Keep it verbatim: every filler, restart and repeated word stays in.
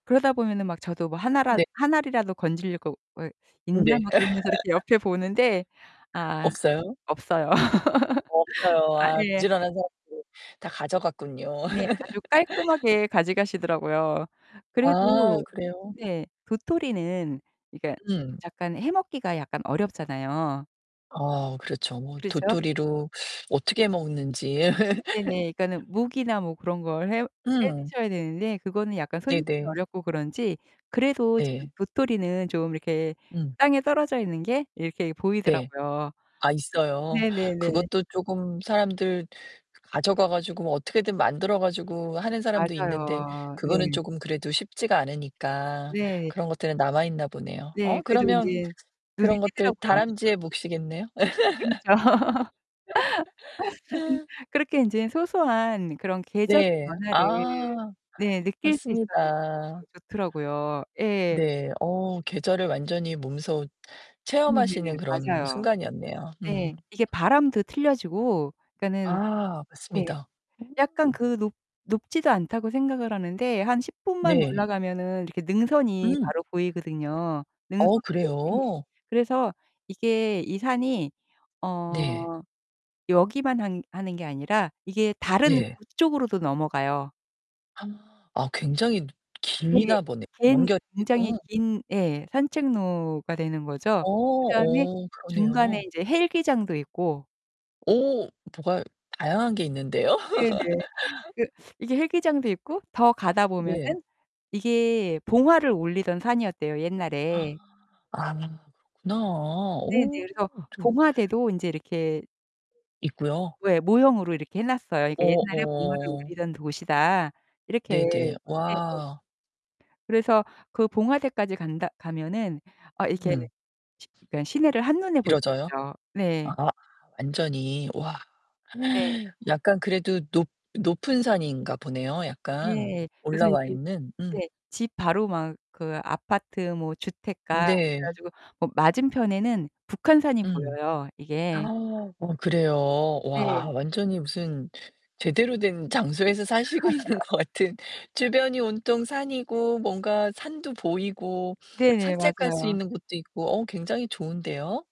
그러다 보면은 막 저도 뭐 하나라 네. 한 알이라도 건질 거 왜 음 있나? 네. 막 그러면서 이렇게 옆에 보는데 아 없어요? 없어요. 없어요. 아 아 예. 부지런한 사람들 다 가져갔군요. 네. 아주 깔끔하게 가져가시더라고요. 아 그래도 그래요? 네 도토리는 그니까 음. 약간 해 먹기가 약간 어렵잖아요. 아 그렇죠. 뭐 그렇죠. 도토리로 어떻게 먹는지. 네네. 그니까는 묵이나 뭐 그런 걸 해 음. 해드셔야 되는데 그거는 약간 손질이 네네. 어렵고 그런지 그래도 지금 네. 도토리는 좀 이렇게 음. 땅에 떨어져 있는 게 이렇게 네. 보이더라고요. 아 있어요? 네네네. 그것도 쪼금 사람들 가져가 가지고 뭐 어떻게든 만들어 가지고 하는 사람도 있는데 맞아요. 그거는 네. 쪼금 그래도 쉽지가 않으니까 네. 그런 것들은 남아 있나 보네요. 어 네. 그래도 그러면 인제 눈에 그런 것들 띄더라고요. 다람쥐의 몫이겠네요? 그렇죠. 그렇게 인제 소소한 그런 계절의 네. 변화를 아. 네 느낄 수 있어 갖고 맞습니다. 좋더라고요. 예. 네. 어. 계절을 완전히 몸소 체험하시는 네네. 그런 맞아요. 순간이었네요. 네. 음. 이게 바람도 틀려지고 그니까는 아. 네 맞습니다. 음. 약간 그 높 높지도 않다고 생각을 하는데 한 십 분만 네. 올라가면은 이렇게 능선이 응. 바로 보이거든요, 능선 어 끝이. 그래요? 그래서 이게 이 산이 네. 어 여기만 한 하는 게 아니라 이게 다른 네. 북쪽으로도 넘어가요. 굉장히 누 네. 기나 보네. 갠 연결 굉장히 되고. 긴 예 산책로가 되는 거죠. 어 그다음에 어. 그러네요. 중간에 이제 헬기장도 있고. 오. 뭐가 다양한 게 있는데요. 네네. 그 이게 헬기장도 있고 더 가다 보면은 네. 이게 봉화를 올리던 산이었대요, 아. 옛날에. 아. 그렇구나. 네네. 오. 그래서 어쩜 봉화대도 인제 이렇게 있고요? 왜 모형으로 이렇게 해놨어요. 그니까 어 '옛날에 봉화를 어. 올리던 곳이다.' 이렇게. 네네. 네네. 와. 그래서 그 봉화대까지 간다 가면은 아 이렇게 음. 시 그니까 시내를 한눈에 볼 수 길어져요? 있죠. 네. 아. 완전히 와. 네. 약간 그래도 높 높은 산인가 보네요 약간 네. 그래서 올라와 이제 있는. 음. 네 집 바로 막 그 아파트 뭐 주택가 그래 네. 가지고 뭐 맞은편에는 음. 북한산이 보여요, 이게. 어 그래요? 와 네. 완전히 무슨 제대로 된 장소에서 사시고 있는 것 같은. 주변이 온통 산이고, 뭔가 산도 보이고, 네네. 산책할 수 맞아요. 있는 곳도 있고, 어 굉장히 좋은데요?